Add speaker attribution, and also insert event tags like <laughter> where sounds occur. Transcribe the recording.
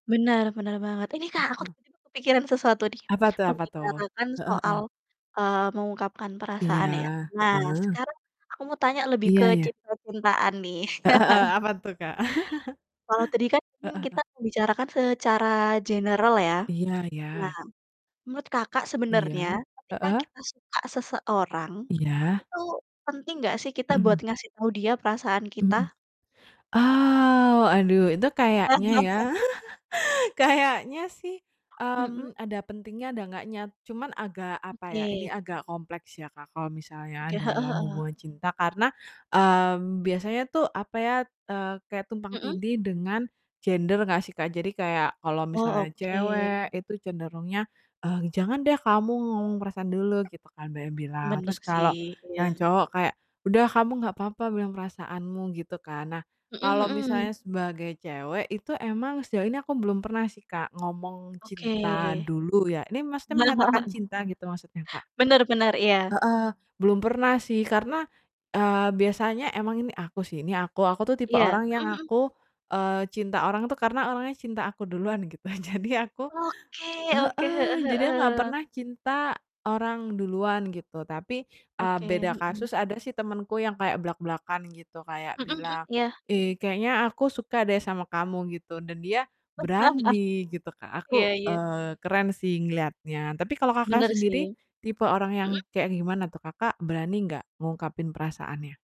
Speaker 1: Bener, bener banget. Ini
Speaker 2: Heeh
Speaker 1: Kak, aku
Speaker 2: heeh.
Speaker 1: tiba-tiba kepikiran sesuatu nih,
Speaker 2: Apa tuh apa tuh?
Speaker 1: membicarakan
Speaker 2: Heeh
Speaker 1: soal,
Speaker 2: heeh.
Speaker 1: eee, mengungkapkan
Speaker 2: Iya,
Speaker 1: perasaan ya. Nah,
Speaker 2: heeh.
Speaker 1: sekarang aku mau tanya lebih
Speaker 2: Iya
Speaker 1: ke
Speaker 2: iya.
Speaker 1: cinta-cintaan nih.
Speaker 2: Heeh heeh. Apa tuh Kak? <chuckles>
Speaker 1: <chuckles> Kalau tadi kan
Speaker 2: Heeh
Speaker 1: mungkin
Speaker 2: heeh.
Speaker 1: kita bicarakan secara general ya,
Speaker 2: Iya iya.
Speaker 1: nah menurut Kakak sebenarnya
Speaker 2: Iya,
Speaker 1: ketika
Speaker 2: heeh.
Speaker 1: kita suka seseorang,
Speaker 2: Iya.
Speaker 1: itu penting gak sih kita buat
Speaker 2: Mhm.
Speaker 1: ngasih tau dia perasaan
Speaker 2: Mhm.
Speaker 1: kita?
Speaker 2: Ah, waduh itu kayaknya ya.
Speaker 1: <laughs>
Speaker 2: <chuckles> Kayaknya sih,
Speaker 1: Mhm.
Speaker 2: mmm, ada pentingnya, ada enggaknya, cuman agak apa ya ini
Speaker 1: Oke.
Speaker 2: agak kompleks ya Kak, kalau misalnya
Speaker 1: Oke, heeh
Speaker 2: dalam
Speaker 1: heeh.
Speaker 2: hubungan cinta karena, mmm, biasanya tuh apa ya, eee, kayak tumpang
Speaker 1: Mhm.
Speaker 2: tindih dengan gender gak sih kak? Jadi kayak kalau
Speaker 1: Oh,
Speaker 2: misalnya
Speaker 1: oke.
Speaker 2: cewek, itu cenderungnya, eee, "Jangan deh kamu ngomong perasaan dulu," gitu kan banyak yang bilang.
Speaker 1: Bener
Speaker 2: Terus
Speaker 1: sih,
Speaker 2: kalau
Speaker 1: iya.
Speaker 2: yang cowok kayak, "Udah kamu nggak apa-apa bilang perasaanmu," gitu kan. Nah,
Speaker 1: Mhm
Speaker 2: kalau
Speaker 1: mhm.
Speaker 2: misalnya sebagai cewek itu emang sejauh ini aku belum pernah sih Kak ngomong
Speaker 1: Oke..
Speaker 2: cinta dulu ya, ini maksudnya menyatakan
Speaker 1: <chuckles>
Speaker 2: cinta gitu maksudnya Kak?
Speaker 1: Bener bener, iya.
Speaker 2: Heeh. Belum pernah sih karena, eee, biasanya emang ini aku sih, ini aku, aku tuh tipe
Speaker 1: Iya,
Speaker 2: orang yang
Speaker 1: mhm mhm.
Speaker 2: aku, eee, cinta orang tuh karena orangnya cinta aku duluan gitu. <chuckles> Jadi aku
Speaker 1: Oke oke, heeh
Speaker 2: heeh. Jadi aku gak
Speaker 1: heeh.
Speaker 2: pernah cinta orang duluan gitu tapi, eee,
Speaker 1: Oke,
Speaker 2: beda
Speaker 1: mhm.
Speaker 2: kasus, ada sih temenku yang kayak blak-blakan gitu kayak
Speaker 1: Mhm mhm,
Speaker 2: bilang,
Speaker 1: iya.
Speaker 2: "Ih kayaknya aku suka deh sama kamu," gitu dan dia
Speaker 1: <laughs>
Speaker 2: berani gitu Kak.
Speaker 1: Iya
Speaker 2: Aku,
Speaker 1: iya.
Speaker 2: eee, keren sih ngeliatnya tapi kalau kakak
Speaker 1: Bener,
Speaker 2: sendiri
Speaker 1: sih.
Speaker 2: tipe orang yang
Speaker 1: Mhm.
Speaker 2: kayak gimana tuh? Kakak berani nggak ngungkapin perasaannya?